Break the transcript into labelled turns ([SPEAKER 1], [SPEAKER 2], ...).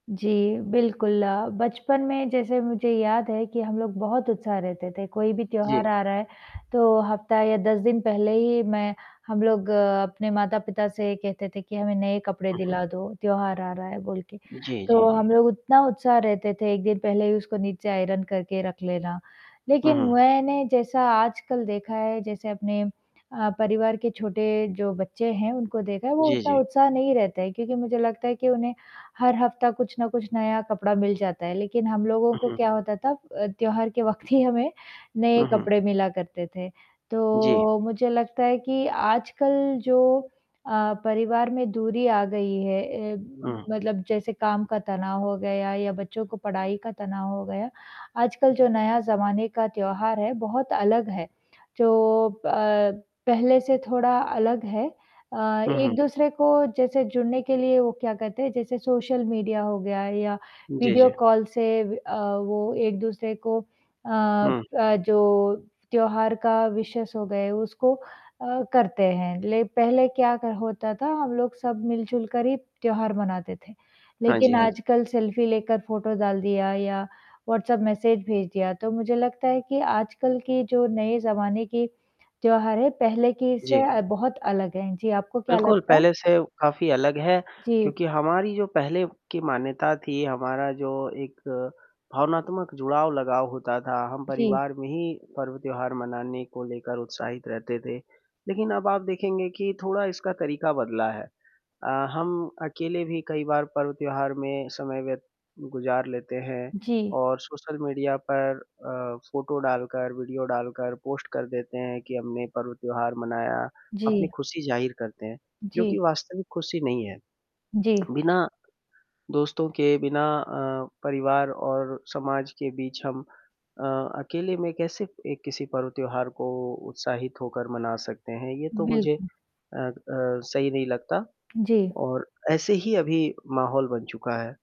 [SPEAKER 1] जी, बिल्कुल, बचपन में जैसे मुझे याद है कि हम लोग बहुत उत्साह रहते थे, कोई भी त्योहार
[SPEAKER 2] जी।
[SPEAKER 1] आ रहा है, तो हफ्ता या 10 दिन पहले ही मैं हम लोग अपने माता-पिता से कहते थे कि हमें नए कपडे
[SPEAKER 2] हुँ, हुँ।
[SPEAKER 1] दिला दो, त्योहार आ रहा है बोल के,
[SPEAKER 2] जी, जी,
[SPEAKER 1] तो
[SPEAKER 2] जी।
[SPEAKER 1] हम लोग उतना उत्साह रहते थे 1 दिन पहले ही उसको नीचे आयरन करके रख लेना।
[SPEAKER 2] हुँ,
[SPEAKER 1] लेकिन
[SPEAKER 2] हुँ।
[SPEAKER 1] मैंने जैसा आजकल देखा है, जैसे अपने अ, परिवार के छोटे जो बच्चे हैं, उनको देखा है वो
[SPEAKER 2] जी,
[SPEAKER 1] उतना
[SPEAKER 2] जी।
[SPEAKER 1] उत्साह नहीं रहता है, क्योंकि मुझे लगता है कि उन्हें हर हफ्ता कुछ ना कुछ नया कपड़ा मिल जाता है, लेकिन हम लोगों
[SPEAKER 2] हुँ,
[SPEAKER 1] को
[SPEAKER 2] हुँ।
[SPEAKER 1] क्या होता था अ, त्योहार के वक़्त ही हमें
[SPEAKER 2] हुँ,
[SPEAKER 1] नए
[SPEAKER 2] हुँ।
[SPEAKER 1] कपड़े मिला करते थे।
[SPEAKER 2] जी।
[SPEAKER 1] तो, मुझे लगता है कि आजकल जो अ, परिवार में दूरी आ गई है अ,
[SPEAKER 2] हुँ।
[SPEAKER 1] मतलब जैसे काम का तनाव हो गया या बच्चों को पढ़ाई का तनाव हो गया, आजकल जो नया ज़माने का त्योहार है, बहुत अलग है, जो प पहले से थोड़ा अलग है अ,
[SPEAKER 2] हुँ, हुँ।
[SPEAKER 1] एक-दूसरे को जैसे जुड़ने के लिए वो क्या कहते हैं, जैसे सोशल मीडिया हो गया या
[SPEAKER 2] जी,
[SPEAKER 1] वीडियो
[SPEAKER 2] जी।
[SPEAKER 1] कॉल से व अ, वो एक-दूसरे को अ
[SPEAKER 2] हुँ।
[SPEAKER 1] अ, जो त्योहार का विशेज़ हो गए, उसको अ, करते हैं। ले पहले क्या क होता था, हम लोग सब मिल जुलकर ही त्योहार मनाते थे,
[SPEAKER 2] हाँ जी,
[SPEAKER 1] लेकिन
[SPEAKER 2] हाँ जी।
[SPEAKER 1] आजकल सेल्फी लेकर फोटो डाल दिया या व्हाट्सएप मैसेज भेज दिया, तो मुझे लगता है कि आजकल की जो नए ज़माने की त्योहार है, पहले की
[SPEAKER 2] जी।
[SPEAKER 1] इससे अ, बहुत अलग है, जी आपको क्या
[SPEAKER 2] बिल्कुल,
[SPEAKER 1] लगता है?
[SPEAKER 2] पहले से काफ़ी अलग है,
[SPEAKER 1] जी।
[SPEAKER 2] क्योंकि हमारी जो पहले की मान्यता थी, हमारा जो एक भावनात्मक जुड़ाव लगाव होता था, हम
[SPEAKER 1] जी।
[SPEAKER 2] परिवार में ही पर्व, त्योहार मनाने को लेकर उत्साहित रहते थे। लेकिन अब आप देखेंगे कि थोड़ा इसका तरीका बदला है अ, हम अकेले भी कई बार पर्व, त्योहार में समय व्य गुज़ार लेते हैं
[SPEAKER 1] जी।
[SPEAKER 2] और सोशल मीडिया पर अ, फोटो डालकर, वीडियो डालकर पोस्ट कर देते हैं कि हमने पर्व, त्योहार मनाया, अपनी
[SPEAKER 1] जी।
[SPEAKER 2] खुशी जाहिर करते हैं, जो कि
[SPEAKER 1] जी।
[SPEAKER 2] वास्तविक खुशी नहीं है।
[SPEAKER 1] जी।
[SPEAKER 2] बिना दोस्तों के बिना अ, परिवार और समाज के बीच हम अ, अकेले में कैसे एक किसी पर्व, त्योहार को उत्साहित होकर मना सकते हैं, ये तो मुझे
[SPEAKER 1] बिल्कुल।
[SPEAKER 2] अ अ, सही नहीं लगता
[SPEAKER 1] जी।
[SPEAKER 2] और ऐसे ही अभी माहौल बन चुका है।